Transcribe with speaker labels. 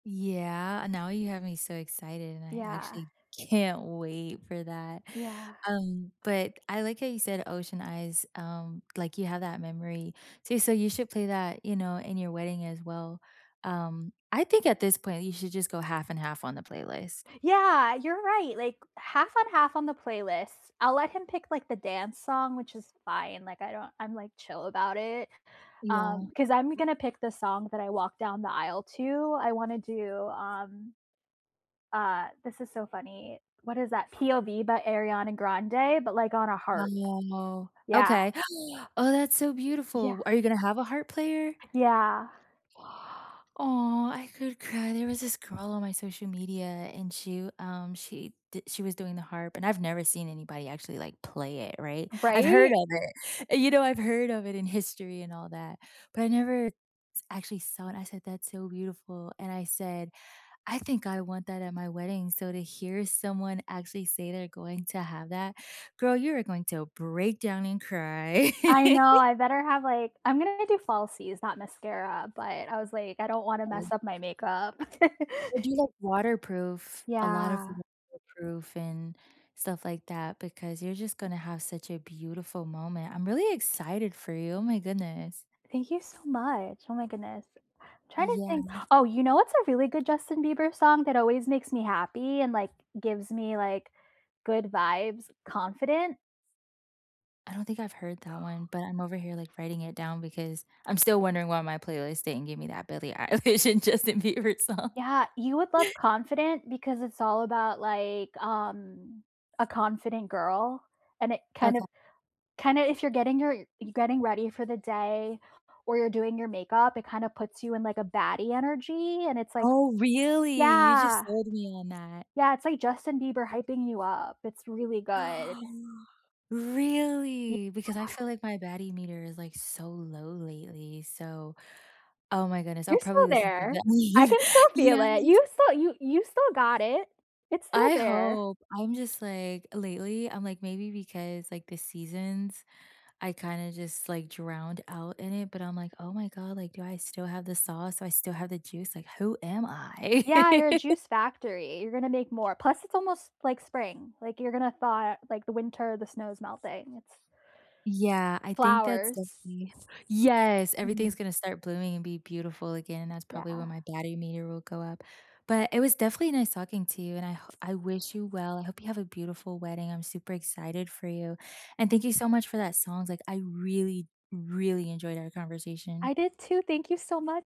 Speaker 1: Yeah, and now you have me so excited, and I
Speaker 2: Yeah.
Speaker 1: actually can't wait for that.
Speaker 2: Yeah.
Speaker 1: Um, but I like how you said, Ocean Eyes. Um, like, you have that memory. So so you should play that, you know, in your wedding as well. Um, I think at this point, you should just go half and half on the playlist.
Speaker 2: Yeah. You're right, like, half on half on the playlist. I'll let him pick, like, the dance song, which is fine. Like, I don't I'm, like, chill about it.
Speaker 1: Yeah.
Speaker 2: Um, 'cause I'm gonna pick the song that I walk down the aisle to. I wanna do, um uh, this is so funny. What is that? "POV" by Ariana Grande, but, like, on a harp.
Speaker 1: Wow.
Speaker 2: Yeah.
Speaker 1: Okay. Oh, that's so
Speaker 2: Yeah.
Speaker 1: beautiful. Are you gonna have a harp player?
Speaker 2: Yeah.
Speaker 1: Aw, I could cry. There was this girl on my social media, and she um, she did she was doing the harp, and I've never seen anybody actually, like, play it, right? I've heard
Speaker 2: Right?
Speaker 1: of it. You know, I've heard of it in history and all that, but I never s actually saw it. I said, "That's so beautiful." And I said, "I think I want that at my wedding." So, to hear someone actually say, they're going to have that, girl, you are going to break down and cry.
Speaker 2: I know, I better have, like I'm gonna do falsies, not mascara. But I was, like, I don't wanna mess
Speaker 1: [unintelligible]
Speaker 2: up my makeup.
Speaker 1: Or do like waterproof, a lot of
Speaker 2: Yeah.
Speaker 1: waterproof and, stuff like that, because you're just gonna have such a beautiful moment. I'm really excited for you. Oh my goodness.
Speaker 2: Thank you so much. Oh my goodness. I'm trying to
Speaker 1: Yeah.
Speaker 2: think oh, you know what's a really good Justin Bieber song, that always makes me happy and, like, gives me, like, good vibes- Confident.
Speaker 1: I don't think I've heard that one, but I'm over here, like, writing it down, because I'm still wondering why my playlist didn't give me that Billie Eilish and Justin Bieber song.
Speaker 2: Yeah. You would love Confident because it's all about, like, um, a confident girl, and it kinda
Speaker 1: [unintelligible]
Speaker 2: kinda if you're getting your you're getting ready for the day, or you're doing your makeup, it kinda puts you in like a baddie energy. And it's, like
Speaker 1: Oh, really? You just
Speaker 2: yeah.
Speaker 1: sold me on that.
Speaker 2: Yeah, it's, like, Justin Bieber hyping you up. It's really good. Yeah.
Speaker 1: Really? Because I feel like my baddie meter is, like, so low lately. So, oh my goodness. I'll
Speaker 2: You're
Speaker 1: probably
Speaker 2: still
Speaker 1: listen to
Speaker 2: there.
Speaker 1: that.
Speaker 2: I can still feel it.
Speaker 1: Yes.
Speaker 2: You still you you still got it. It's still
Speaker 1: I
Speaker 2: there.
Speaker 1: hope. I'm just, like, lately, I'm like, maybe because, like, the seasons, I kinda just, like, drowned out in it, but I'm, like, "Oh my god, like, do I still have the sauce, do I still have the juice? Like, who am I?"
Speaker 2: Yeah, you're a juice factory. You're gonna make more. Plus it's almost, like, spring. Like you're gonna thaw, like, the winter, the snow is melting. It's
Speaker 1: Yeah. I think that's
Speaker 2: Flowers.
Speaker 1: definitely Yes, everything's
Speaker 2: Mm.
Speaker 1: gonna start blooming and be beautiful again, that's probably when
Speaker 2: Yeah.
Speaker 1: my baddie meter will go up. But it was definitely nice talking to you, and I ho I wish you well. I hope you have a beautiful wedding. I'm super excited for you. And thank you so much for that songs, like, I really, really enjoyed our conversation.
Speaker 2: I did too. Thank you so mu